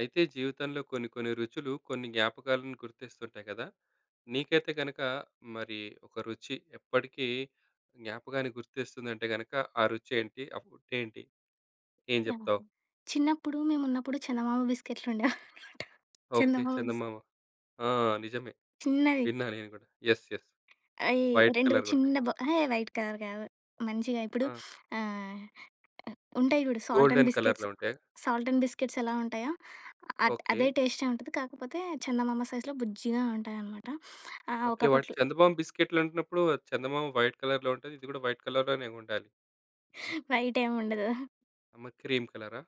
అయితే జీవితంలో కొన్ని, కొన్ని రుచులు కొన్ని జ్ఞాపకాలను గుర్తిస్తుంటాయి గదా! నీకైతే గనక మరి ఒక రుచి ఎప్పటికి జ్ఞాపకాన్ని గుర్తిస్తుందంటే గనక ఆ రుచి ఏంటి? ఆ ఫుడ్ ఏంటి? ఏం జెప్తావు? చిన్నప్పుడు మేమున్నప్పుడు చందమామ బిస్కిట్లు ఉండేవనమాట. ఓకే. చందమామ బిస్ చందమామ. ఆ! నిజమే. చిన్నది. విన్నాను నేను గూడా. యెస్. యెస్ ఆహ్, ఈ వైట్ 2 కలర్‌‌గుంటాయి. చిన్నబ్ ఎహే! వైట్ కలర్ గాదు. మంచిగా ఇప్పుడు ఆ! ఆహ్, ఉంటాయి చూడు. సాల్ట్ అండ్ గోల్డెన్ బిస్కెట్స్, కలర్‌లో ఉంటాయా? సాల్ట్ అండ్ బిస్కిట్స్ ఎలా ఉంటాయో! అ ట్ ఓకే. అదే టేస్టే ఉంటుది. కాకపోతే, చందమామ సైజ్‌లో బుజ్జిగా ఉంటాయనమాట. ఆహ్, ఓకే. వాటి ఒకప్పట్లో చందమామ బిస్కెట్లు అంటున్నప్పుడు చందమామ వైట్ కలర్‌లో ఉంటది. ఇది కూడా వైట్ కలర్‌లోనే ఉండాలి. వైట్ ఏం ఉండదు. అమ్మ క్రీమ్ కలరా?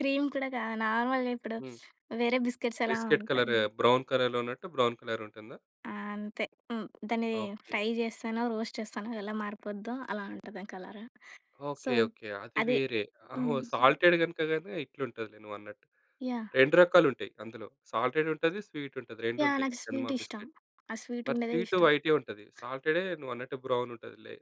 క్రీమ్ కూడా గాదు. నార్మల్‌గా ఇప్పుడు హ్మ్. వేరే బిస్కిట్స్ ఎలా బిస్కట్ ఉంటాయి? కలర్, బ్రౌన్ కలర్‌లో ఉన్నట్టు బ్రౌన్ కలర్ ఉంటుందా? ఆ! అంతే. హ్మ్. దాన్ని ఓకే. ఫ్రై చేస్తేనో, రోస్ట్ చేస్తానో, ఎలా మారిపోద్దో అలా ఉంటది ఆ కలర్. So, okay. ఓకే. అది అది వేరే. ఆహో! హ్మ్ సొ సాల్టెడ్ గనుకగనే ఇట్లుంటది నువ్వు అన్నట్టు. యాహ్! 2 రకాలు ఉంటాయి అందులో. సాల్టెడ్ ఉంటది, స్వీట్ ఉంటది. 2 యాహ్! ఉంటాయి. నాకు చందమా స్వీట్ ఇష్టం. బిస్కిట్. ఆ మరి స్వీటుండేదే స్వీటు ఇష్టం. వైటే ఉంటది. సాల్టెడే నువ్వు అన్నట్టు బ్రౌన్ ఉంటదిలే.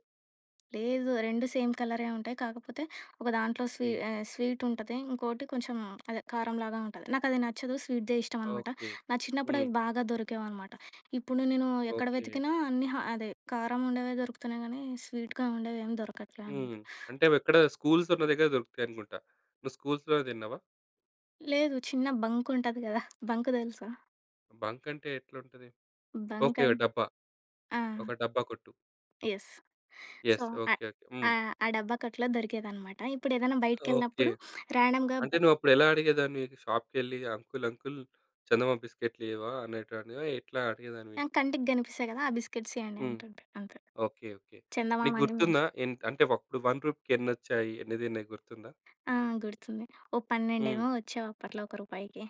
లేదు. 2 సేమ్ కలరే ఉంటాయి. కాకపోతే, ఒక దాంట్లో స్వీ హ్మ్. ఆహ్, స్వీటుంటది. ఇంకోటి కొంచెం అదే కారంలాగా ఉంటది. నాకది నచ్చదు. స్వీట్‌దే ఇష్టం అనమాట. ఓకే. నా చిన్నప్పుడు హ్మ్. అవి బాగా దొరికేవనమాట. ఇప్పుడు నేను ఎక్కడ ఓకే. వెతికినా అన్ని ఆహ్, అదే కారం ఉండేవి దొరుకుతున్నాయి గానీ, స్వీట్‌గా ఉండేవి ఏమి దొరకట్లే అనమాట. హ్మ్. అంటే ఎక్కడ స్కూల్స్ ఉన్న దగ్గర దొరుకుతాయనుకుంటా. నువ్వు స్కూల్స్‌‌లోనే తిన్నావా? లేదు. చిన్న బంక్ ఉంటది గదా! బంక్ దెలుసా? బంక్ అంటే ఎట్లుంటది? Bunk okay. అం డబ్బా. ఆ! ఒక డబ్బా కొట్టు. యెస్. So, yes. అ ఓకే, ఓకె. హ్మ్. ఆహ్, ఆ డబ్బా కొట్లో దొరికేదన్నమాట. ఇప్పుడేదైనా ఓకే. బయటికెళ్ళినప్పుడు రాండమ్‌గా అంటే, నువ్వప్పుడు ఎలా అడిగేదానివి? షాప్‌కెళ్ళి అంకుల్, అంకుల్ చందమామ బిస్కెట్లు ఇయ్యవా అనేటనివా? ఎట్లా అడిగేదానివి? నాకు కంటికి కనిపిస్తాయి గదా! ఆ బిస్కిట్స్ ఇయ్యండి హ్మ్. అంటుండే అంతే. ఓకే. ఓకే. చందమామ నీకు అని గుర్తుందా ఎం అంటే, అప్పుడు వన్ రుపీకి ఎన్ని వచ్చాయి? ఎన్ని దిన్నయి గుర్తుందా? ఆ! గుర్తుంది. ఓ హ్మ్. పన్నెండేమో వచ్చేవి అప్పట్లో ఒక రూపాయికి.